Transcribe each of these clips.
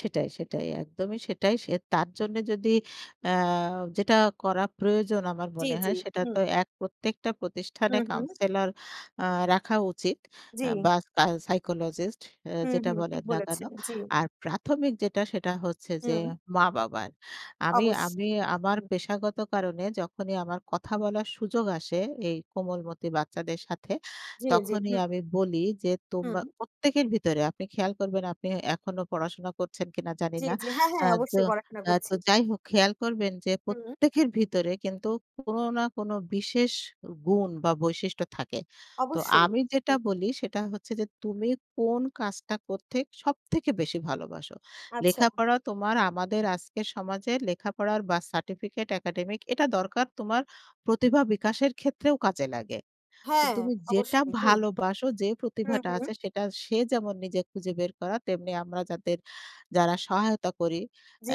সেটাই, সেটাই। একদমই সেটাই। সে তার জন্য যদি আ যেটা করা প্রয়োজন আমার জ্বী, মনে হয় জ্বী। সেটা হুম। তো এক প্রত্যেকটা প্রতিষ্ঠানে হুম, হুম। counsellor আ রাখা উচিত আ জ্বী। বা সা psychologist আ হু, যেটা হুম। বলেন ঠিক না কেন। বলেছেন, জ্বী। আর প্রাথমিক যেটা সেটা হচ্ছে যে, হুম। মা-বাবার। আমি আমি অবশ্যই। আমার হুম। পেশাগত কারণে যখনই আমার কথা বলার সুযোগ আসে এই কোমলমতি বাচ্চাদের সাথে। জ্বী, জ্বী, তখনই হুম। আমি বলি যে, তোমা হুম। প্রত্যেকের ভিতরে আপনি খেয়াল করবেন আপনি এ এখনো পড়াশোনা করছেন কিনা জানি জ্বী, না। জ্বী। হ্যাঁ, আ হ্যাঁ। তো অবশ্যই পড়াশোনা আ তো করছি। যাই হোক খেয়াল করবেন যে, হুম। প্রত্যেকের ভিতরে কিন্তু কোনো না কোনো বিশেষ উ গুণ বা বৈশিষ্ট্য থাকে। তো অবশ্যই। আমি যেটা হুম। বলি সেটা হচ্ছে যে, "তুমি কোন কাজটা করতে সবথেকে বেশি ভালোবাসো? আচ্ছা। লেখাপড়া তোমার আমাদের আজকের সমাজে লেখাপড়ার বা সার্টিফিকেট একাডেমিক এটা দরকার তোমার প্রতিভা বিকাশের ক্ষেত্রেও কাজে লাগে। তো হ্যাঁ, তুমি যেটা অবশ্যই। হুম। ভালোবাসো, যে, হুম, প্রতিভাটা হুম। আছে" সেটা সে যেমন নিজে খুঁজে বের করা তেমনি আমরা যাদের যারা সহায়তা করি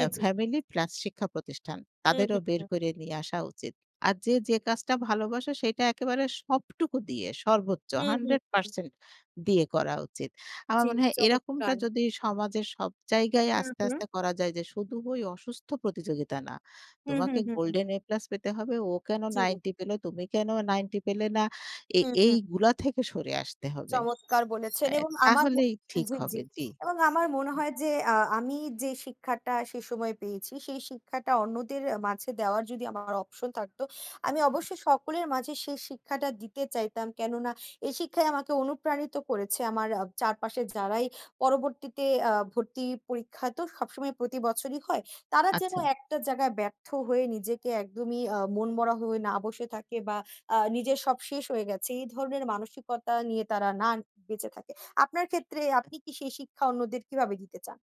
আ জ্বী। ফ্যামিলি প্লাস শিক্ষা প্রতিষ্ঠান হুম, তাদেরও হুম, বের হুম। করে নিয়ে আসা উচিত। আর যে, যে, কাজটা ভালোবাসে সেটা একেবারে সবটুকু দিয়ে সর্বোচ্চ হুম, হুম, hundred হুম। percent দিয়ে করা উচিত। আমার জ্বী। মনে হয় এরকমটা চমৎকার। যদি সমাজের সব জায়গায় হুম, আস্তে, হুম। আস্তে করা যায় যে, শুধু ওই অসুস্থ প্রতিযোগিতা না। হুম, "তোমাকে হুম, হুম, হুম। গোল্ডেন এ প্লাস পেতে হবে, ও কেন জি। 90 পেলো, তুমি কেন 90 পেলে না এ হুম, হুম। এইগুলা থেকে সরে আসতে হবে।" চমৎকার আ বলেছেন এবং আমার তাহলেই ঠিক জ্বী, হবে। জ্বী জ্বি। এবং আমার মনে হয় যে, আ আমি যে, শিক্ষাটা সে সময় পেয়েছি, সেই শিক্ষাটা অন্যদের এ মাঝে দেওয়ার যদি আমার option থাকতো আমি অবশ্যই সকলের মাঝে সেই শিক্ষাটা দিতে চাইতাম। কেননা এই শিক্ষাই আমাকে অনুপ্রাণিত করেছে। আমার আ চারপাশের যারাই পরবর্তীতে আ ভর্তি পরীক্ষা তো সবসময় প্রতিবছরই হয়। তারা যেন আচ্ছা। একটা জায়গায় ব্যর্থ হয়ে নিজেকে একদমই আ মনমরা হয়ে না বসে থাকে বা আ নিজের সব শেষ হয়ে গেছে। এই ধরনের মানসিকতা নিয়ে তারা না বেঁচে থাকে। আপনার ক্ষেত্রে আপনি কি সেই শিক্ষা অন্যদের কীভাবে দিতে চান?